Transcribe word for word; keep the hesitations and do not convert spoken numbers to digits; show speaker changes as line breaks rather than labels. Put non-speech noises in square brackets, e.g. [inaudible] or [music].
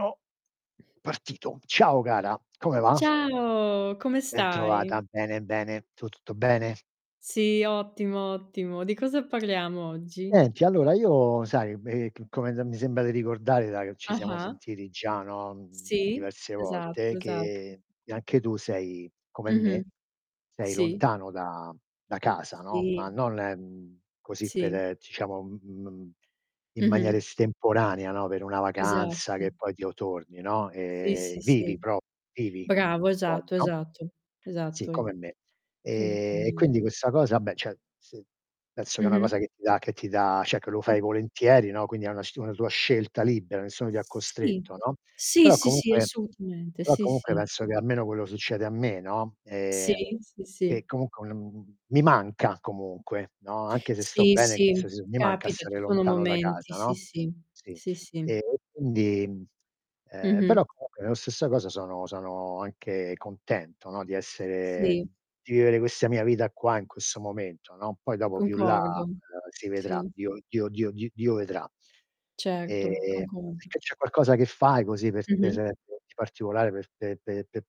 O partito. Ciao cara, come va?
Ciao, come
Bentrovata,
stai?
bene, bene. Tu, tutto bene?
Sì, ottimo, ottimo. Di cosa parliamo oggi?
Niente allora, io sai, b ehm, c come d mi sembra di ricordare da che ci siamo
Ah-ah.
sentiti già, no, mhmm,
Sì,
diverse
esatto,
volte
esatto.
che anche tu sei come me,
Mh-mh.
sei
Sì.
lontano da da casa, no. Ma
Sì.
non, mhmm, così
Sì.
per diciamo in m m maniera
Mh-mh.
estemporanea, no, per una vacanza
Esatto.
che poi ti otorni, no.
Sì,
Ehm,
sì,
vivi
sì,
pro vivi
bravo,
fuori,
esatto,
no?
esatto,
Sì,
esatto, es
come me.
hai detto
Ehm, e
ben
quindi questa cosa ah beh, ceh se penso che è una cosa
Mh-mh.
che ti dà che ti dà ceh che lo fai volentieri, no, quindi è una s una tua scelta libera, nessuno ti ha
Sì,
costretto, no,
sì,
però
sì, sì,
comunque
assolutamente
però
sì,
comunque
sì.
penso che almeno quello succede a me, no,
Sì,
ehm.
sì, sì.
Che comunque, mhmm, mi manca comunque, no. Anche se sto
Sì,
bene
sì,
se s mi manca
capita, ci
stare
sono
lontano da
momenti,
casa,
sì,
no.
sì,
Sì.
sì,
E
sì.
quindi, ehm,
Mh-mh.
però comunque nella stessa cosa sono sono anche contento, no, di essere
Sì.
d di vivere questa mia vita qua in questo momento, no. Poi dopo più in là
Concordo.
si vedrà.
Sì.
Dio Dio Dio d Dio vedrà.
Certo,
Ehm,
concordo.
perché c'è qualcosa che fai, così
Mh-mh.
[unintelligible] di particolare per pe pe pe